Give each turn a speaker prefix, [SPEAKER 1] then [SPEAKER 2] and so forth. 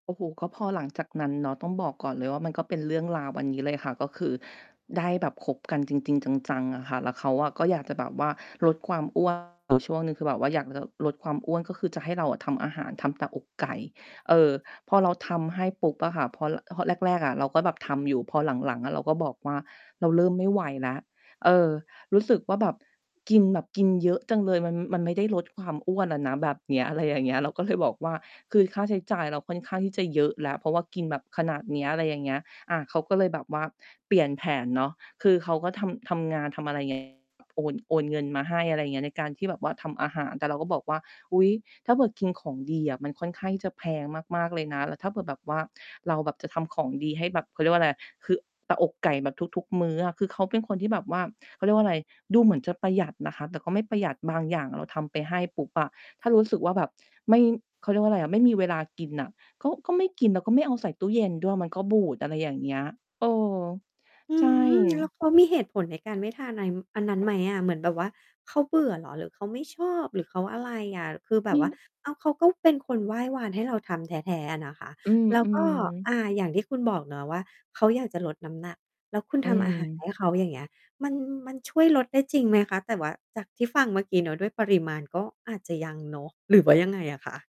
[SPEAKER 1] โอ้โฮ ก็พอหลังจากนั้นเนาะ ต้องบอกก่อนเลยว่า มันก็เป็นเรื่องราวอันนี้เลยค่ะ ก็คือได้แบบคบกันจริง ๆ จัง ๆ อะค่ะ แล้วเขาอะก็อยากจะแบบว่า ลดความ อ้วน อยู่ช่วงหนึ่ง คือแบบว่าอยากจะลดความอ้วน ก็คือจะให้เราอะทำอาหาร ทำแต่อกไก่ เออ พอเราทำให้ปุ๊บอะค่ะ พอ ร พอแรก ๆ อะ เราก็แบบทำอยู่ พอหลัง ๆ อะเราก็บอกว่า เราเริ่มไม่ไหวนะ เออ รู้สึกว่าแบบกินแบบกินเยอะจังเลย มัน มันไม่ได้ลดความอ้วนน่ะนะแบบเนี้ย อะไรอย่างเงี้ย เราก็เลยบอกว่า คือค่าใช้จ่ายเราค่อนข้างที่จะเยอะแล้ว เพราะว่ากินแบบขนาดเนี้ย อะไรอย่างเงี้ย อา เขาก็เลยแบบว่าเปลี่ยนแผนเนาะ คือเขาก็ทำ ทำงาน ทำอะไร ไง โอน โอนเงินมาให้ อะไรเงี้ย ในการที่แบบว่าทำอาหาร แต่เราก็บอกว่า อุ๊ย ถ้าแบบกินของดีอะ มันค่อนข้างที่จะแพงมาก ๆ เลยนะ แล้วถ้าเผื่อแบบว่าเราแบบจะทำของดีให้แบบ เขาเรียกว่าอะไร คือแต่อกไก่แบบทุก ๆ มื้ออะ คือเขาเป็นคนที่แบบว่า เขาเรียกว่าอะไร ดูเหมือนจะประหยัดนะคะ แต่ก็ไม่ประหยัด บางอย่างอะเราทำไปให้ปุ๊บอะ ถ้ารู้สึกว่าแบบไม่ เขาเรียกว่าอะไรอะ ไม่มีเวลากินน่ะ ก็ ก็ไม่กิน แล้วก็ไม่เอาใส่ตู้เย็นด้วย มันก็บูด อะไรอย่างเงี้ย เออ
[SPEAKER 2] อื
[SPEAKER 1] ใช่
[SPEAKER 2] อ แล้ว เขามีเหตุผลในการไม่ทาน อัน อันนั้นไหมอะ? เหมือนแบบว่าเขาเบื่อเหรอ หรือเขาไม่ชอบ หรือเขาอะไรอะ? คือแบ
[SPEAKER 1] อื
[SPEAKER 2] บว่า
[SPEAKER 1] อ
[SPEAKER 2] อ้าว เขาก็เป็นคนไหว้วานให้เราทำแท้ ๆ อะนะคะ
[SPEAKER 1] อื
[SPEAKER 2] แล้วก็
[SPEAKER 1] อ ๆ
[SPEAKER 2] อ่า อย่างที่คุณบอกเนาะว่า เขาอยากจะลดน้ำหนัก แล้วคุณ
[SPEAKER 1] อื
[SPEAKER 2] ทำอาหาร
[SPEAKER 1] ม
[SPEAKER 2] ให้ เขา อย่างเงี้ย มัน มันช่วยลดได้จริงไหมคะ? แต่ว่าจากที่ฟังเมื่อกี้เนาะ ด้วยปริมาณ ก็อาจจะยังเนาะ หรือว่ายังไงอะคะ?